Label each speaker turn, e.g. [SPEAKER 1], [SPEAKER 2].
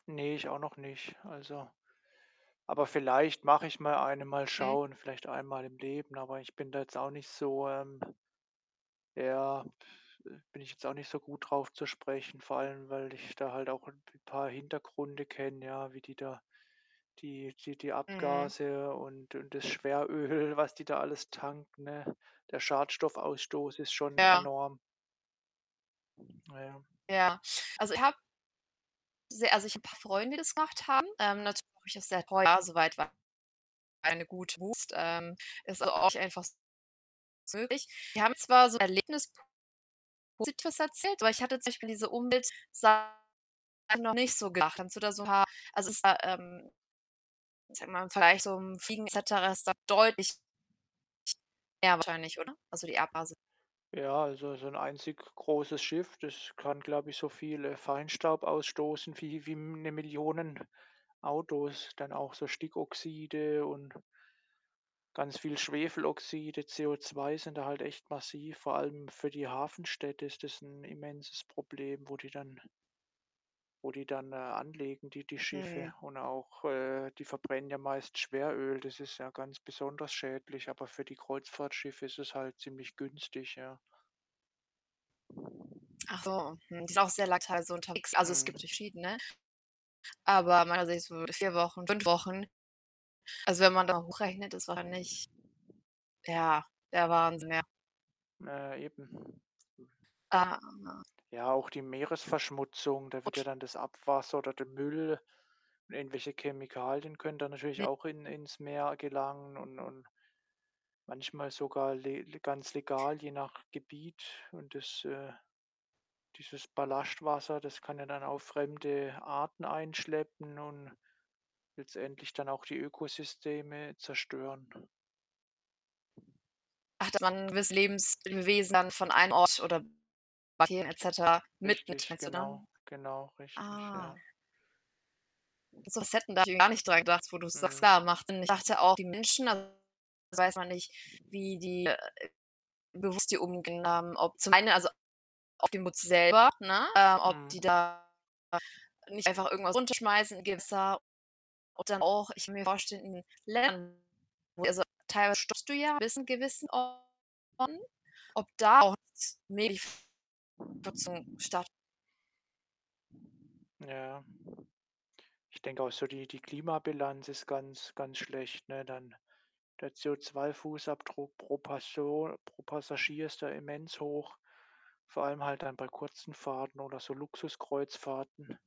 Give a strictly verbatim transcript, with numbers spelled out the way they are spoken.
[SPEAKER 1] Ne, ich auch noch nicht. Also aber vielleicht mach ich mal eine, mal
[SPEAKER 2] Hm.
[SPEAKER 1] schauen, vielleicht einmal im Leben, aber ich bin da jetzt auch nicht so, ähm ja, bin ich jetzt auch nicht so gut drauf zu sprechen, vor allem, weil ich da halt auch 'n p paar Hintergründe kenne, ja, wie die da die die die
[SPEAKER 2] Mhm.
[SPEAKER 1] Abgase und und das Schweröl, was die da alles tanken, ne? Der Schadstoffausstoß ist schon
[SPEAKER 2] Ja.
[SPEAKER 1] enorm. Na ja.
[SPEAKER 2] Ja. Also, ich habe sehr also, ich habe paar Freunde, die das gemacht haben. Ähm, natürlich auch ist sehr teuer, [unintelligible] soweit war eine gut [unintelligible] ähm, ist so auch einfach [unintelligible] möglich. Die haben zwar so Erlebnis [unintelligible] erzählt, aber ich hatte zum Beispiel diese Umweltsachen noch nicht so gedacht. Kannst du da so 'n paar also, ist da, ähm, ich sage mal im Vergleich zu so 'nem Fliegen et cetera ist da deutlich mehr wahrscheinlich, oder? Also, die Abgase.
[SPEAKER 1] Ja, also, so 'n einzig großes Schiff, das kann, glaube ich, so viel, äh, Feinstaub ausstoßen wie wie M 'ne Millionen Autos. Dann auch so Stickoxide und ganz viel Schwefeloxide, CO₂ sind da halt echt massiv. Vor allem für die Hafenstädte ist das 'n immenses Problem, wo die dann wo die dann, äh, anlegen, die die
[SPEAKER 2] Mhm.
[SPEAKER 1] Schiffe und auch, äh die verbrennen ja meist Schweröl. Das ist ja ganz besonders schädlich, aber für die Kreuzfahrtschiffe ist es halt ziemlich günstig, ja.
[SPEAKER 2] Achso, mhm. Ist auch sehr lang teilweise unterwegs, also, es gibt
[SPEAKER 1] Mhm.
[SPEAKER 2] verschiedene, aber meinerseits würde vier Wochen, fünf Wochen. Also, wenn man da hochrechnet, es war nicht ja, der Wahnsinn, ja.
[SPEAKER 1] Naja eben.
[SPEAKER 2] Äh
[SPEAKER 1] Ja, auch die Meeresverschmutzung. Da wird ja
[SPEAKER 2] [unintelligible]
[SPEAKER 1] dann das Abwasser, oder der Müll und irgendwelche Chemikalien können da natürlich
[SPEAKER 2] [unintelligible]
[SPEAKER 1] auch in ins Meer gelangen und und manchmal sogar le le ganz legal, je nach Gebiet und das, äh dieses Ballastwasser, das kann ja dann auch fremde Arten einschleppen und letztendlich dann auch die Ökosysteme zerstören.
[SPEAKER 2] Ach, dass man gewisse Lebenswesen dann von einem Ort oder [unintelligible] et cetera mitnimmt,
[SPEAKER 1] Richtig,
[SPEAKER 2] meinst du
[SPEAKER 1] genau.
[SPEAKER 2] dann?
[SPEAKER 1] Genau, richtig,
[SPEAKER 2] Ah.
[SPEAKER 1] ja.
[SPEAKER 2] Das hätten wir gar nicht dran gedacht, wo du's
[SPEAKER 1] Mhm.
[SPEAKER 2] klar macht Sinn. Ich dachte auch, die Menschen, da weiß man nicht, wie die, äh bewusst die [unintelligible] haben, ob zum einen, also, auf die Muts selber, ne, ähm, ob
[SPEAKER 1] Mhm.
[SPEAKER 2] die da nicht einfach irgendwas runterschmeißen im Gewässer, ob dann auch ich mir vorstelle in Ländern, wo also, teilweise stoppst du ja bis in gewissen Orten, ob da auch [unintelligible] statt
[SPEAKER 1] Ja. Ich denke auch so die die Klimabilanz ist ganz, ganz schlecht, ne? Dann der CO₂-Fußabdruck pro Person pro Passagier ist da immens hoch, vor allem halt dann bei kurzen Fahrten oder so Luxuskreuzfahrten.